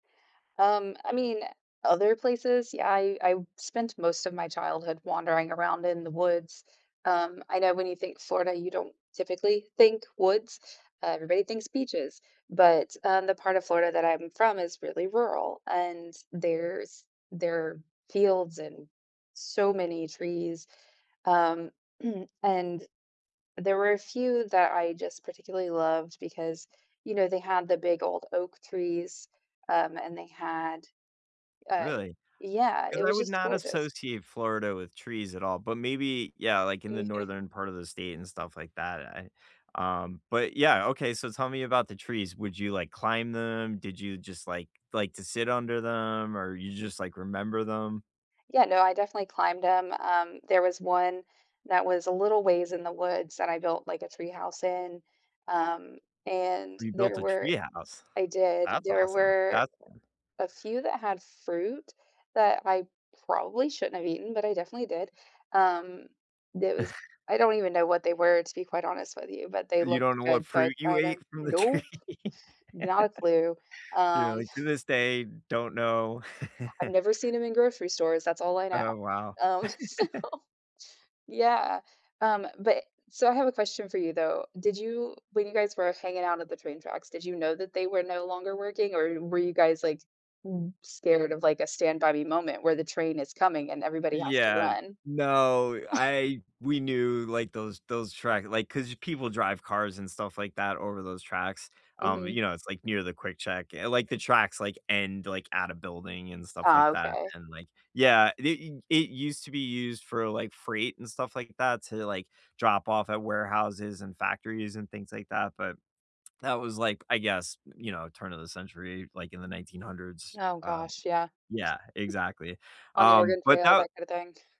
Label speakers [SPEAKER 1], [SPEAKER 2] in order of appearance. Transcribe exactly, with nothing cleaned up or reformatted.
[SPEAKER 1] Um, I mean, other places? Yeah, I I spent most of my childhood wandering around in the woods. Um, I know when you think "Florida," you don't typically think "woods" everybody thinks "beaches," but, um, the part of Florida that I'm from is really rural, and there's there fields and so many trees, um, and there were a few that I just particularly loved because, you know, they had the big old oak trees, um, and they had, uh
[SPEAKER 2] Really?
[SPEAKER 1] yeah,
[SPEAKER 2] 'Cause
[SPEAKER 1] it
[SPEAKER 2] I
[SPEAKER 1] was
[SPEAKER 2] would
[SPEAKER 1] just
[SPEAKER 2] not
[SPEAKER 1] gorgeous.
[SPEAKER 2] associate Florida with trees at all, but maybe, yeah, like, in the northern part of the state and stuff like that, I um, but yeah, okay, so, tell me about the trees, would you, like, climb them? Did you just, like, like to sit under them, or you just, like, remember them?
[SPEAKER 1] Yeah, no, I definitely climbed 'em. Um, there was one, that was a little ways in the woods that I built, like, a tree house in, um, and
[SPEAKER 2] We built
[SPEAKER 1] there
[SPEAKER 2] a
[SPEAKER 1] were
[SPEAKER 2] tree house.
[SPEAKER 1] I did.
[SPEAKER 2] That's
[SPEAKER 1] There
[SPEAKER 2] awesome.
[SPEAKER 1] were
[SPEAKER 2] That's fun.
[SPEAKER 1] a few that had fruit that I probably shouldn't have eaten, but I definitely did. Um, there was I don't even know what they were, to be quite honest with you, but they
[SPEAKER 2] You
[SPEAKER 1] looked
[SPEAKER 2] don't know what
[SPEAKER 1] good, so, I
[SPEAKER 2] fruit you
[SPEAKER 1] tried
[SPEAKER 2] ate
[SPEAKER 1] them
[SPEAKER 2] from the tree?
[SPEAKER 1] nope, not a clue,
[SPEAKER 2] "You know,
[SPEAKER 1] um
[SPEAKER 2] like, to this day, don't know."
[SPEAKER 1] I've never seen 'em in grocery stores, that's all I know,
[SPEAKER 2] Oh, wow.
[SPEAKER 1] um, so yeah. Um, but so, I have a question for you, though. Did you when you guys were hanging out at the train tracks, did you know that they were no longer working, or w were you guys, like, b scared of, like, a stand-by-me moment where the train is coming and everybody has to
[SPEAKER 2] Yeah.
[SPEAKER 1] run?
[SPEAKER 2] No, I we knew, like, those those track like, 'cause people drive cars and stuff like that over those tracks. Um, you
[SPEAKER 1] Mhm.
[SPEAKER 2] know, it's, like, near the quick check eh, like, the tracks, like, end, like, at a building and stuff like
[SPEAKER 1] Oh,
[SPEAKER 2] that,
[SPEAKER 1] 'kay.
[SPEAKER 2] and, like yeah, it it it used to be used for, like, freight and stuff like that to, like, drop off at warehouses, and factories, and things like that, but, that was, like, I guess, y you know, turn of the century, like, in the nineteen hundreds,
[SPEAKER 1] Oh,
[SPEAKER 2] um
[SPEAKER 1] gosh, yeah.
[SPEAKER 2] yeah, exactly.
[SPEAKER 1] On the
[SPEAKER 2] Um,
[SPEAKER 1] Oregon
[SPEAKER 2] but
[SPEAKER 1] Trail,
[SPEAKER 2] tha
[SPEAKER 1] that kinda thing.